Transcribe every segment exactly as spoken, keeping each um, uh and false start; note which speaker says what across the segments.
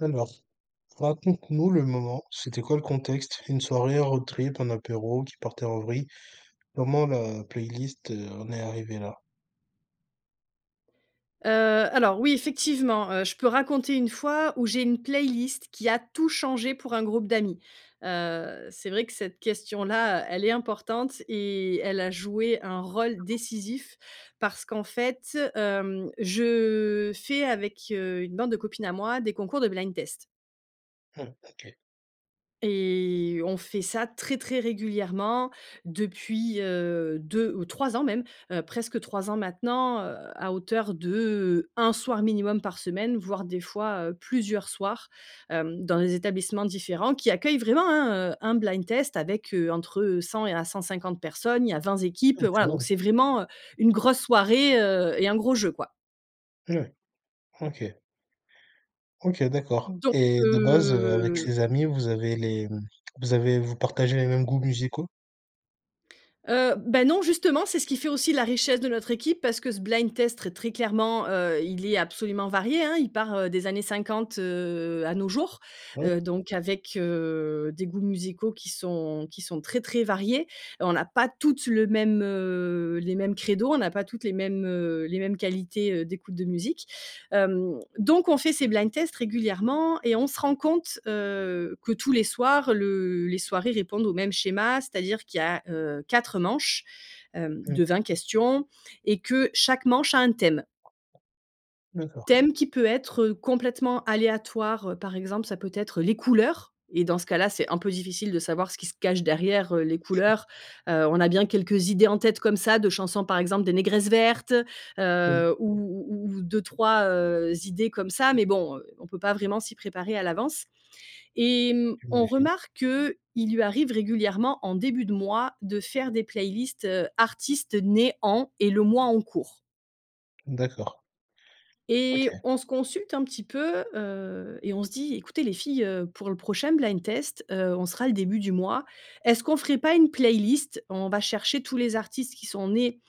Speaker 1: Alors, raconte-nous le moment, c'était quoi le contexte, une soirée, un road trip, un apéro qui partait en vrille? Comment la playlist, heu, en est arrivée là?
Speaker 2: Heu, alors, oui, effectivement, heu, je peux raconter une fois où j'ai une playlist qui a tout changé pour un groupe d'amis. Heu, c'est vrai que cette question-là, elle est importante et elle a joué un rôle décisif, parce qu'en fait, hem, je fais avec, heu, une bande de copines à moi, des concours de blind-test.
Speaker 1: Mmh, OK.
Speaker 2: Et on fait ça très, très régulièrement depuis, heu, deux ou trois ans, même, heu, presque trois ans maintenant, heu, à hauteur de un soir minimum par semaine, voire des fois, heu, plusieurs soirs, hem, dans des établissements différents qui accueillent vraiment, hein, heu, un blind-test avec heu, entre cent et à cent-cinquante personnes. Il y a vingt
Speaker 1: Ah,
Speaker 2: équipes,
Speaker 1: quand
Speaker 2: voilà, donc
Speaker 1: même!
Speaker 2: c'est vraiment, heu, une grosse soirée, heu, et un gros jeu, quoi.
Speaker 1: Ouais, OK. OK, d'accord
Speaker 2: Donc
Speaker 1: et de base, heu, avec
Speaker 2: heu
Speaker 1: ces amies, vous avez les vous avez vous partagez les mêmes goûts musicaux?
Speaker 2: Heu, beh, non, justement, c'est ce qui fait aussi la richesse de notre équipe, parce que ce blind-test très clairement, heu, il est absolument varié, hein. Il part, heu, des années cinquante, heu, à nos jours,
Speaker 1: Mmh.
Speaker 2: heu, donc avec, heu, des goûts musicaux qui sont qui sont très, très variés et on n'a pas toutes le même, heu, les mêmes crédo. On n'a pas toutes les mêmes, heu, les mêmes qualités, heu, d'écoute de musique hem, donc, on fait ces blind-tests régulièrement et on se rend compte, heu, que tous les soirs, le les soirées répondent au même schéma. C'est-à-dire qu'il y a, heu, quatre manches, hem,
Speaker 1: Mmh.
Speaker 2: de vingt questions et que chaque manche a un thème.
Speaker 1: D'accord.
Speaker 2: Thème qui peut être, heu, complètement aléatoire, par exemple, ça peut être les couleurs et, dans ce cas-là, c'est un peu difficile de savoir ce qui se cache derrière les couleurs, heu, on a bien quelques idées en tête, comme ça, de chansons. Par exemple, des Négresses Vertes,
Speaker 1: Hem.
Speaker 2: heu, ou ou ou deux-trois, heu, idées comme ça, mais bon, on peut pas vraiment s'y préparer à l'avance. Et mmh, on
Speaker 1: J'imagine.
Speaker 2: remarque qu'il lui arrive régulièrement, en début de mois, de faire des playlists, heu, artistes nés en, et le mois en cours.
Speaker 1: D'accord.
Speaker 2: Et
Speaker 1: OK.
Speaker 2: on se consulte un petit peu, heu, et on se dit: «Ecoutez les filles, heu, pour le prochain blind-test, heu, on sera le début du mois. Est-ce qu'on ferait pas une playlist, on va chercher tous les artistes qui sont nés,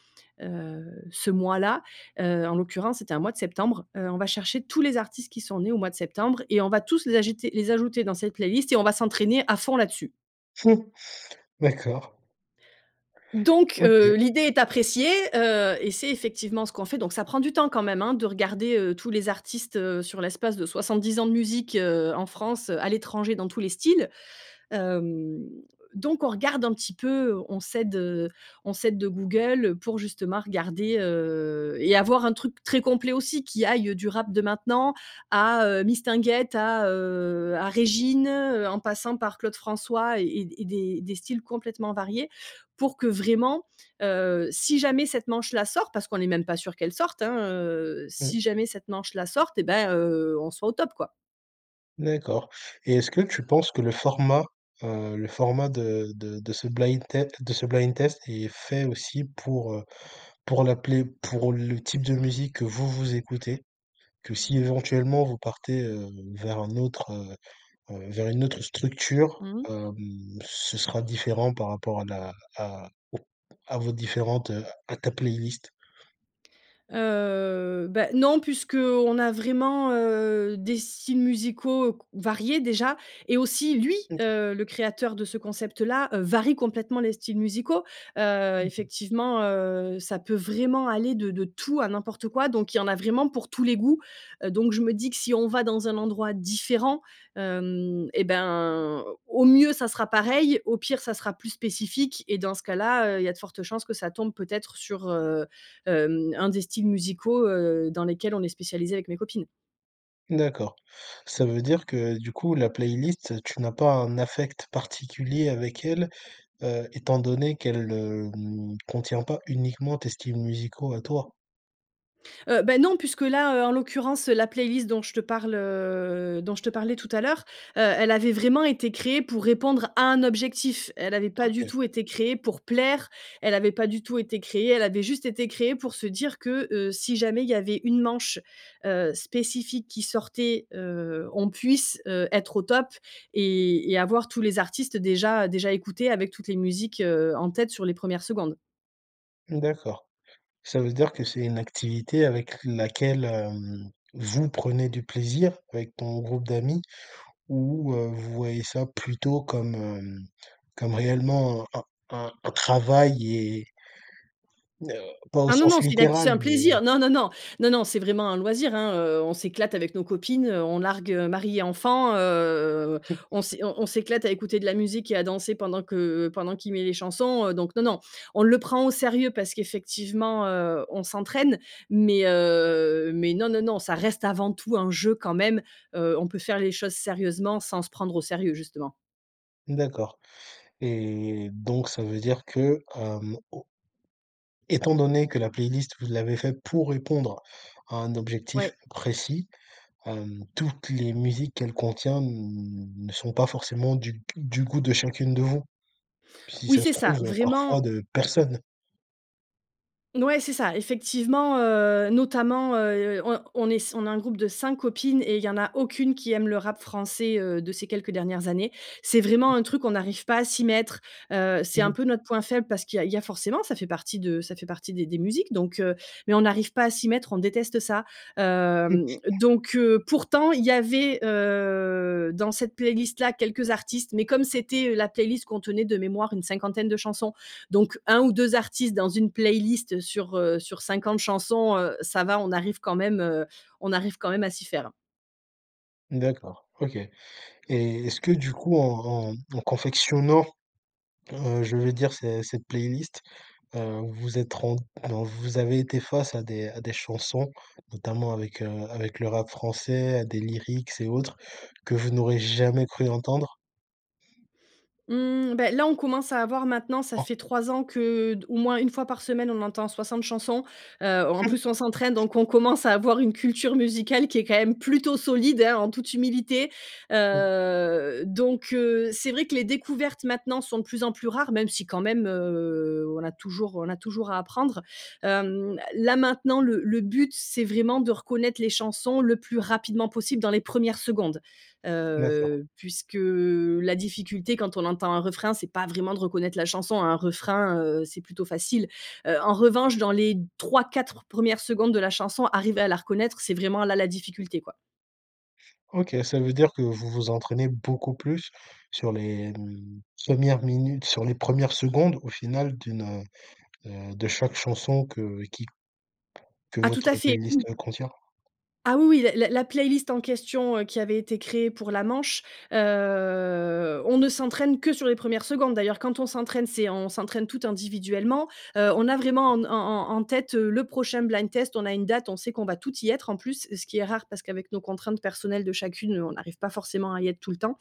Speaker 2: heu, ce mois-là», heu, en l'occurrence c'était un mois de septembre. «...heu, on va chercher tous les artistes qui sont nés au mois de septembre et on va tous les agiter les ajouter dans cette playlist et on va s'entraîner, à fond, là-dessus.»
Speaker 1: D'accord.
Speaker 2: Donc,
Speaker 1: OK.
Speaker 2: heu, l'idée est appréciée, heu, et c'est effectivement ce qu'on fait, donc ça prend du temps, quand même, hein, de regarder, heu, tous les artistes, heu, sur l'espace de soicxante-dix ans de musique, heu, en France, à l'étranger, dans tous les styles. Hem, donc on regarde un petit peu, on s'aide, heu on s'aide de Google pour justement regarder, heu, et avoir un truc très complet aussi, qui aille, heu, du rap de maintenant à, heu, Mistinguett, à, heu à Régine, heu, en passant par Claude François et et des des styles complètement variés, pour que, vraiment, heu, si jamais cette manche-là sort, parce qu'on n'est même pas sûr qu'elle sorte, hein, heu,
Speaker 1: Mmh.
Speaker 2: si jamais cette manche-là sorte, eh ben, heu, on soit au top, quoi.
Speaker 1: D'accord. Et est-ce que tu penses que le format, heu le format de de de ce blind tête, de ce blind-test, est fait aussi pour, heu pour la play pour le type de musique que vous, vous écoutez? Que si, éventuellement, vous partez, heu, vers un autre, heu heu vers une autre structure,
Speaker 2: Mmh.
Speaker 1: hem, ce sera différent par rapport à la à aux à vos différentes, heu à ta playlist?
Speaker 2: Heu, bah, non puisqu'on a vraiment, heu, des styles musicaux c variés, déjà, et aussi lui,
Speaker 1: OK.
Speaker 2: heu, le créateur de ce concept-là, heu, varie complètement les styles musicaux, heu,
Speaker 1: Mmh mh.
Speaker 2: effectivement, heu, ça peut vraiment aller de de tout à n'importe quoi. Donc il y en a vraiment pour tous les goûts, heu, donc je me dis que si on va dans un endroit différent, hem, eh ben, au mieux, ça sera pareil, au pire ça sera plus spécifique et dans ce cas-là, heu, il y a de fortes chances que ça tombe peut-être sur, heu, hem, un des styles musicaux, heu, dans lesquels on est spécialisées, avec mes copines.
Speaker 1: D'accord. Ça veut dire que, du coup, la playlist, heu, tu n'as pas un affect particulier avec elle, heu, étant donné qu'elle, hem, contient pas uniquement tes styles musicaux à toi?
Speaker 2: Heu, bah non, puisque là, heu, en l'occurrence, heu, la playlist dont je te parle, heu, dont je te parlais tout à l'heure, heu, elle avait vraiment été créée pour répondre à un objectif. Elle avait pas du
Speaker 1: OK.
Speaker 2: tout été créée pour plaire, elle avait pas du tout été créée elle avait juste été créée pour se dire que, heu, si jamais il y avait une manche, heu, spécifique qui sortait, heu, on puisse, heu, être au top et et avoir tous les artistes déjà déjà écoutés, avec toutes les musiques, heu, en tête sur les premières secondes.
Speaker 1: Mmh d'accord. Ça veut dire que c'est une activité avec laquelle, hem, vous prenez du plaisir avec ton groupe d'amis ou, heu, vous voyez ça plutôt comme, hem, comme réellement un un un un travail et? heu, pas au
Speaker 2: Ah non,
Speaker 1: sens
Speaker 2: non! C'est une acti c'est
Speaker 1: littéral,
Speaker 2: un
Speaker 1: mais
Speaker 2: plaisir, non, non, non, non, non. C'est vraiment un loisir, hein. Heu, on s'éclate avec nos copines, heu, on largue, heu, maris et enfants, heu, on s'é on on s'éclate à écouter de la musique et à danser pendant que pendant qu'il met les chansons, heu, donc non non. On le prend au sérieux parce qu'effectivement, heu, on s'entraîne mais heu, mais non, non, non ça reste avant tout un jeu quand même, heu, on peut faire les choses sérieusement sans se prendre au sérieux, justement.
Speaker 1: D'accord et donc, ça veut dire que, hem, au étant donné que la playlist, vous l'avez faite pour répondre à un objectif
Speaker 2: Ouais.
Speaker 1: précis, hem, toutes les musiques qu'elle contient n ne sont pas forcément du du goût de chacune de vous, si
Speaker 2: Oui,
Speaker 1: ça se
Speaker 2: c'est ça.
Speaker 1: trouve, heu, parfois
Speaker 2: Vraiment
Speaker 1: de personne?
Speaker 2: Mouais, c'est ça, effectivement, heu, notamment, heu, on on est on est un groupe de cinq copines et il y en a aucune qui aime le rap français, heu, de ces quelques dernières années. C'est
Speaker 1: Mmh.
Speaker 2: vraiment un truc, on arrive pas à s'y mettre, heu, c'est
Speaker 1: Mmh
Speaker 2: un
Speaker 1: mh.
Speaker 2: peu notre point faible parce qu'il y a il y a forcément, ça fait partie de ça fait partie des des musiques, donc heu, mais on arrive pas à s'y mettre, on déteste ça,
Speaker 1: Mmh.
Speaker 2: hem, donc heu, pourtant il y avait, heu, dans cette playlist-là quelques artistes mais comme c'était, heu, la playlist contenait de mémoire une cinquantaine de chansons, donc un ou deux artistes dans une playlist, heu, sur, heu, sur cinquante chansons, heu, ça va on arrive quand même, heu, on arrive quand même à s'y faire.
Speaker 1: D'accord, OK et est-ce que, du coup, en en en confectionnant, heu, je veux dire, cet cette playlist, heu, vous êtes rent alors, vous avez été face à des à des chansons, notamment, avec, heu, avec le rap français, à des lyrics et autres que vous n'auriez jamais cru entendre?
Speaker 2: Mmh, beh, là, on commence à avoir maintenant ça
Speaker 1: [unintelligible]
Speaker 2: fait trois ans que, heu, au moins, une fois par semaine, on entend soixante chansons. Heu, en
Speaker 1: Mmh!
Speaker 2: plus, on s'entraîne. Donc, on commence à avoir une culture musicale qui est, quand même, plutôt solide, hein, en toute humilité.
Speaker 1: Mmh.
Speaker 2: Heu, donc heu, c'est vrai que les découvertes, maintenant, sont de plus en plus rares, même si, quand même, heu, on a toujours on a toujours à apprendre. Hem, là, maintenant, le le but, c'est vraiment de reconnaître les chansons le plus rapidement possible dans les premières secondes,
Speaker 1: D'accord.
Speaker 2: heu, puisque, heu, la difficulté, quand on entend un refrain, c'est pas vraiment de reconnaître la chanson. Un refrain, heu, c'est plutôt facile. Heu, en revanche, dans les trois-quatre premières secondes de la chanson, arriver à la reconnaître, c'est vraiment là, la difficulté, quoi.
Speaker 1: OK, ça veut dire que vous vous entraînez beaucoup plus sur les, mmh, premières minutes sur les premières secondes, au final, d'une, heu heu, de chaque chanson que qui que
Speaker 2: Ah, tout à
Speaker 1: votre
Speaker 2: fait!
Speaker 1: playlist, heu, contient?
Speaker 2: Ah, oui, oui, l la la playlist en question, heu, qui avait été créée pour la manche, heu, on ne s'entraîne que sur les premières secondes. D'ailleurs, quand on s'entraîne, c'est on s'entraîne toutes individuellement. Heu, on a vraiment en n en en en tête, heu, le prochain blind test. On a une date, on sait qu'on va toutes y être, en plus, ce qui est rare parce qu'avec nos contraintes personnelles de chacune, on arrive pas forcément à y être tout le temps.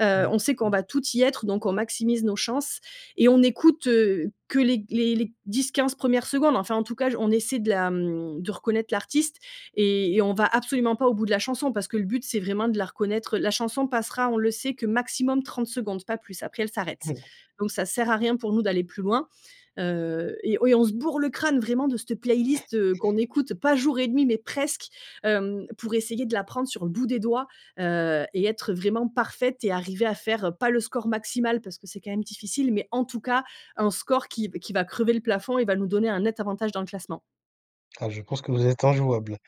Speaker 2: Heu,
Speaker 1: Ouais.
Speaker 2: on sait qu'on va toutes y être, donc on maximise nos chances et on écoute, heu, que les les les dix-quinze premières secondes. Enfin, en tout cas, j on essaie de la, mmh, de reconnaître l'artiste et et on va absolument pas au bout de la chanson, parce que le but, c'est vraiment de la reconnaître. La chanson passera, on le sait, que, maximum, trente secondes. Pas plus. Après, elle s'arrête.
Speaker 1: Mmh.
Speaker 2: Donc, ça sert à rien, pour nous, d'aller plus loin. Heu et ouais, on se bourre le crâne, vraiment, de cette playlist, heu, qu'on écoute, pas jour et nuit mais presque, hem, pour essayer de l'apprendre sur le bout des doigts, heu et être vraiment parfaites et arriver à faire, pas le score maximal parce que c'est quand même difficile, mais en tout cas un score qui v qui va crever le plafond et va nous donner un net avantage dans le classement.
Speaker 1: Ah je pense que vous êtes injouables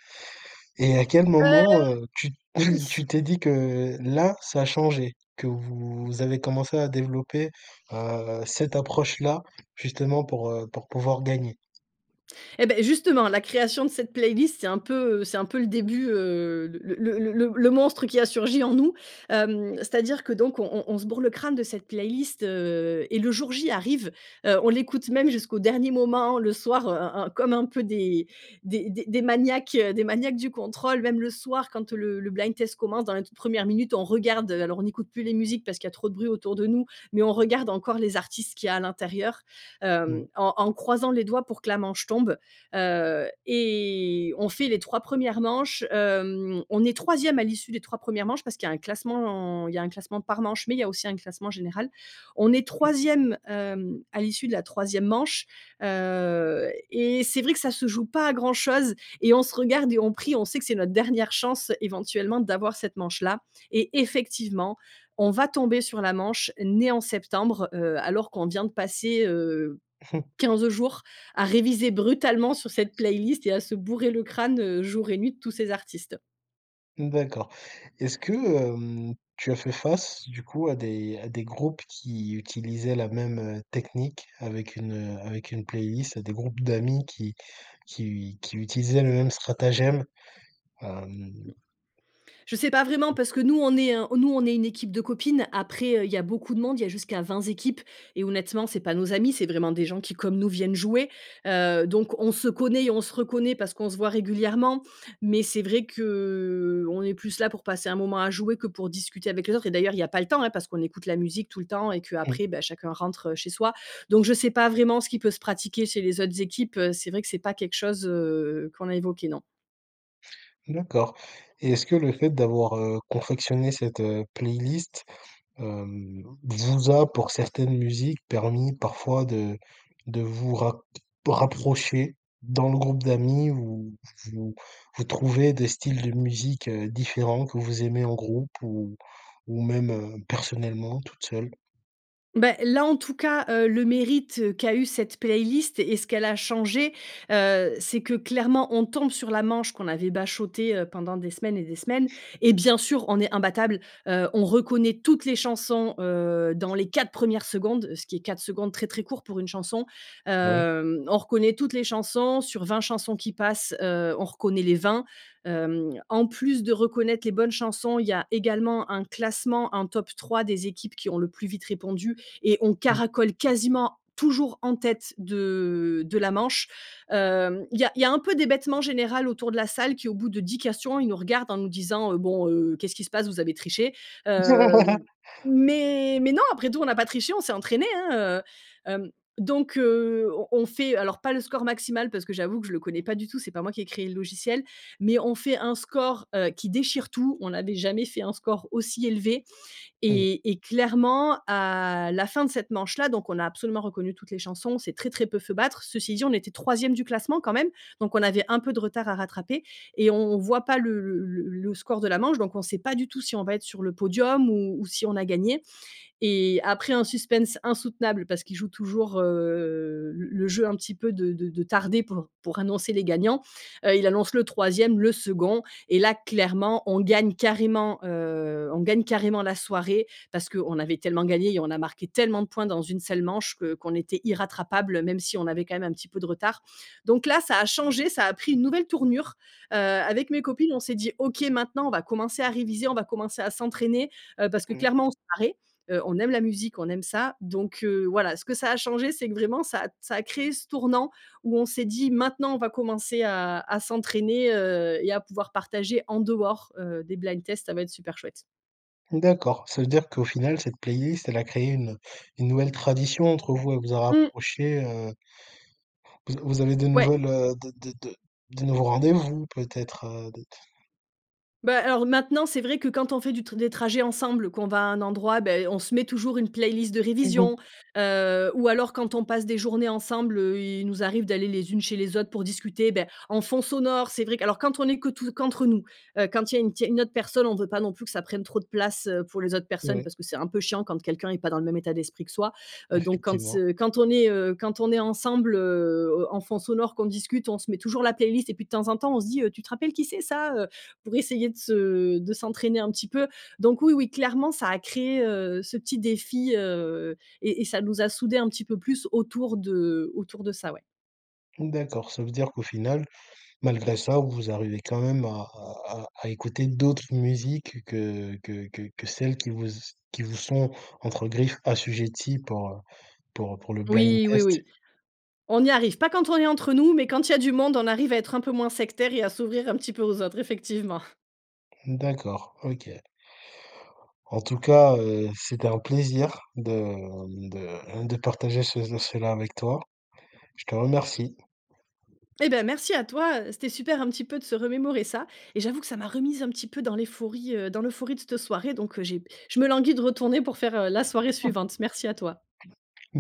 Speaker 1: et à quel
Speaker 2: Heu,
Speaker 1: moment, heu, tu tu
Speaker 2: ils
Speaker 1: t'es dit que là, ça a changé, que vous avez commencé à développer, heu, cette approche-là justement pour, heu pour pouvoir gagner?
Speaker 2: Eh beh! Justement la création de cette playlist c'est un peu, heu c'est un peu le début, heu, le le le le le le monstre qui a surgi en nous, hem, c'est-à-dire que donc on on on se bourre le crâne de cette playlist, heu, et le jour J arrive, heu, on l'écoute même jusqu'au dernier moment, le soir, heu heu heu, comme un peu des des des des maniaques, heu des maniaques du contrôle même le soir quand, heu, le le blind test commence dans la toute première minute, on regarde alors on n'écoute plus les musiques parce qu'il y a trop de bruit autour de nous mais on regarde encore les artistes qu'il y a, à l'intérieur, hem,
Speaker 1: Mmh.
Speaker 2: en en croisant les doigts pour que la manche tombe, heu, et on fait les trois premières manches, hem, on est troisième à l'issue des trois premières manches parce qu'il y a un classement, il y a un classement par manche mais il y a aussi un classement général. On est
Speaker 1: Mmh.
Speaker 2: troisième, hem, à l'issue de la troisième manche, heu et c'est vrai que ça se joue pas à grand chose et on se regarde et on prie. On sait que c'est notre dernière chance, éventuellement, d'avoir cette manche-là et effectivement, on va tomber sur la manche «Nés en septembre», heu, alors qu'on vient de passer, heu, quinze jours à réviser brutalement sur cette playlist et à se bourrer le crâne, heu, jour et nuit de tous ces artistes.
Speaker 1: Mmh, d'accord. Est-ce que, hem, tu as fait face, du coup, à des à des groupes qui utilisaient la même, heu, technique avec une, heu avec une playlist, des groupes d'amis qui qui u qui utilisaient le même stratagème? Hem
Speaker 2: Mmh, je sais pas vraiment parce que nous, on est un nous, on est une équipe de copines. Après heu, il y a beaucoup de monde. Il y a jusqu'à vingt équipes et honnêtement, c'est pas nos amis. C'est vraiment des gens qui, comme nous, viennent jouer, heu donc on se connaît et on se reconnaît parce qu'on se voit régulièrement. Mais c'est vrai qu'on est plus là pour passer un moment à jouer que pour discuter avec les autres et d'ailleurs, il y a pas le temps, hein, parce qu'on écoute la musique tout le temps et
Speaker 1: Mmh.
Speaker 2: qu'après, bah, chacun rentre, heu, chez soi. Donc je sais pas vraiment ce qui peut se pratiquer chez les autres équipes, heu, c'est vrai que c'est pas quelque chose, heu, qu'on a évoqué, non.
Speaker 1: D'accord et est-ce que le fait d'avoir, heu, confectionné cette, heu, playlist, hem, vous a, pour certaines musiques, permis parfois de de vous ra rapprocher dans le groupe d'amis où vous vous trouvez des styles de musique, heu, différents que vous aimez en groupe ou ou même, heu, personnellement, toute seule?
Speaker 2: Beh, là, en tout cas, heu, le mérite qu'a eu cette playlist et ce qu'elle a changé, heu, c'est que clairement on tombe sur la manche qu'on avait bachoté, heu, pendant des semaines et des semaines et bien sûr, on est imbattables, heu, on reconnaît toutes les chansons, heu, dans les quatre premières secondes, ce qui est, quatre secondes très, très court pour une chanson,
Speaker 1: Ouais.
Speaker 2: hem, on reconnaît toutes les chansons sur vingt chansons qui passent, heu, on reconnaît les vingt, hem, en plus de reconnaître les bonnes chansons, il y a également un classement. Un top trois des équipes qui ont le plus vite répondu et on
Speaker 1: Mmh.
Speaker 2: caracole quasiment toujours en tête de de la manche, hem, il y a il y a un peu d'hébètement général autour de la salle, qui au bout de dix questions, ils nous regardent en nous disant, heu: «Bon, heu, qu'est-ce qui se passe vous avez triché?» heu, mais mais non, après tout, on n'a pas triché, on s'est entraînés, hein, heu hem, donc heu, on on fait, alors pas le score maximal parce que j'avoue que je le connais pas du tout, c'est pas moi qui ai créé le logiciel mais on fait un score, heu, qui déchire tout, on n'avait jamais fait un score aussi élevé
Speaker 1: Mmh mh.
Speaker 2: et et clairement, à la fin de cette manche-là, donc on a absolument reconnu toutes les chansons, on s'est très très peu fait battre. Ceci dit on était troisième du classement, quand même, donc on avait un peu de retard à rattraper et on on voit pas le le le le score de la manche, donc on sait pas du tout si on va être sur le podium ou ou si on a gagné et après un suspense insoutenable, parce qu'il joue toujours, heu, le le jeu un petit peu de de de tarder pour pour annoncer les gagnants, heu, il annonce le troisième, le second et là clairement on gagne carrément, heu on gagne carrément la soirée parce qu'on avait tellement gagné et on a marqué tellement de points dans une seule manche que qu'on était irrattrapables même si on avait, quand même, un petit peu de retard, donc là, ça a changé, ça a pris une nouvelle tournure, heu, avec mes copines on s'est dit: «OK, maintenant on va commencer à réviser, on va commencer à s'entraîner, heu, parce que
Speaker 1: Mmh.
Speaker 2: clairement on se [unintelligible] heu, on aime la musique, on aime ça.», donc heu, voilà, ce que ça a changé c'est que vraiment ça a ça a créé ce tournant où on s'est dit: «Maintenant on va commencer à à s'entraîner, heu, et à pouvoir partager en dehors, heu, des blind tests, ça va être super chouette.»
Speaker 1: D'accord, ça veut dire qu'au final, cette playlist, elle a créé une une nouvelle tradition entre vous. Elle vous a
Speaker 2: Mmh.
Speaker 1: rapprochées, heu vous a vous avez de
Speaker 2: Ouais.
Speaker 1: nouvelles, heu, de de de de nouveaux rendez-vous, peut-être, heu, de
Speaker 2: Bah, alors, maintenant, c'est vrai que quand on fait du t des trajets ensemble, qu'on va à un endroit, beh, on se met toujours une playlist de
Speaker 1: Mmh
Speaker 2: révision.
Speaker 1: mh.
Speaker 2: Heu ou alors quand on passe des journées ensemble, heu, il nous arrive d'aller les unes chez les autres pour discuter, beh, en fond sonore. C'est vrai que alors quand on est que tout qu'entre nous, heu, quand il y a une tier il y a une autre personne, on veut pas non plus que ça prenne trop de place, heu, pour les autres personnes
Speaker 1: Ouais.
Speaker 2: parce que c'est un peu chiant quand quelqu'un est pas dans le même état d'esprit que soi. Heu donc quand, s
Speaker 1: Effectivement.
Speaker 2: heu, quand on est, heu, quand on est ensemble, heu, en en fond sonore, qu'on discute, on se met toujours la playlist et puis de temps en temps, on se dit, heu: «Tu te rappelles qui c'est ça, heu?» pour essayer de se de s'entraîner un petit peu. Donc oui, oui, clairement, ça a créé, heu, ce petit défi, heu et et ça nous a soudées un petit peu plus autour de autour de ça, ouais.
Speaker 1: Mmh, d'accord. Ça veut dire qu'au final, malgré ça vous arrivez quand même à à à à écouter d'autres musiques que que que que celles qui vous s qui vous sont, entre griffes, assujetties pour heu pour heu pour le blind
Speaker 2: Oui, oui,
Speaker 1: test.
Speaker 2: oui. On y arrive. Pas quand on est entre nous mais quand il y a du monde, on arrive à être un peu moins sectaires et à s'ouvrir un petit peu aux autres, effectivement.
Speaker 1: Mmh, d'accord. OK. En tout cas, heu, c'était un plaisir de, mmh de de partager ce cela avec toi. Je te remercie.
Speaker 2: Eh, ben, merci à toi, heu, c'était super, un petit peu, de se remémorer ça et j'avoue que ça m'a remise un petit peu dans éphorie, heu, dans l'euphorie de cette soirée donc heu, j'ai je me languis de retourner pour faire, heu, la soirée
Speaker 1: Mmh.
Speaker 2: suivante. Merci à toi.
Speaker 1: Merc